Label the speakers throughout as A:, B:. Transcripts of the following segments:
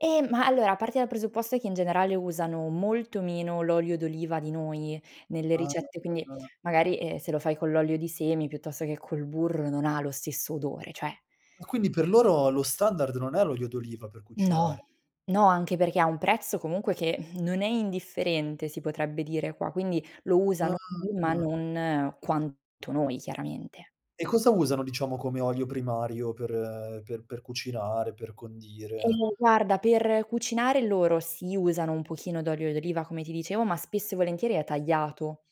A: Ehm, ma allora, parti dal presupposto che in generale usano molto meno l'olio d'oliva di noi nelle
B: Ah.
A: ricette, quindi
B: [unintelligible]
A: magari, ehm, se lo fai con l'olio di semi piuttosto che col burro non lo stesso odore, cioè
B: Ah, quindi per loro lo standard non è l'olio d'oliva per cucinare?
A: No. No, anche perché ha un prezzo comunque che non è indifferente, si potrebbe dire qua, quindi lo usano sì ma
B: Ah.
A: non quanto noi chiaramente.
B: E cosa usano, diciamo, come olio primario per per per cucinare, per condire?
A: Ehm, guarda, per cucinare loro si usano un pochino d'olio d'oliva, come ti dicevo, ma spesso e volentieri è tagliato.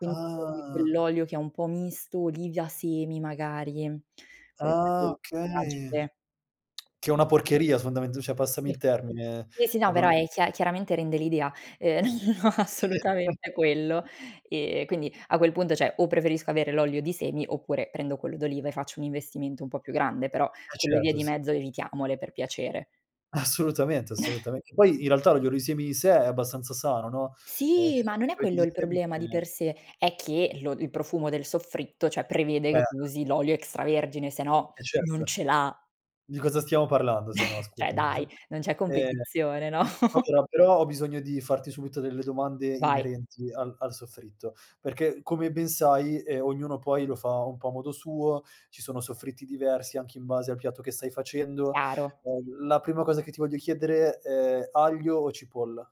A: [unintelligible]
B: Ah.
A: quell'olio che è un po' misto, olive a semi magari
B: Ah,
A: [unintelligible]
B: okay.
A: tragiche.
B: Che è una porcheria, fondamental cioè passami
A: Sì.
B: il termine,
A: Sì, sì, no,
B: e
A: però
B: non
A: è chia chiaramente rende l'idea. Ehm, no, no, no assolutamente quello.
B: [unintelligible]
A: Ehm, quindi, a quel punto cioè o preferisco avere l'olio di semi oppure prendo quello d'oliva e faccio un investimento un po' più grande, però
B: Eh,
A: quelle vie
B: certo,
A: di
B: sì.
A: mezzo evitiamole per piacere.
B: Assolutamente, assolutamen Poi in realtà l'olio di semi in sé è abbastanza sano, no, ehm,
A: Sì,
B: ci
A: ma
B: sono
A: non
B: degli
A: è
B: oli
A: quello
B: di
A: il
B: semi che
A: problema di per sé, è che lo il profumo del soffritto cioè, prevede che
B: Eh.
A: tu usi l'olio extravergine sennò
B: Eh,
A: non
B: certo.
A: ce l'ha.
B: Di cosa stiamo parlando sennò
A: Cioè
B: scusami.
A: dai, non c'è
B: Ehm,
A: competizione, no?
B: allora, però ho bisogno di farti subito delle domande
A: Vai.
B: inerenti al al soffritto, perché come ben sai, ehm, ognuno poi lo fa un po' a modo suo. Ci sono soffritti diversi anche in base al piatto che stai facendo.
A: Chiaro.
B: Ehm, la prima cosa che ti voglio chiedere è aglio o cipolla?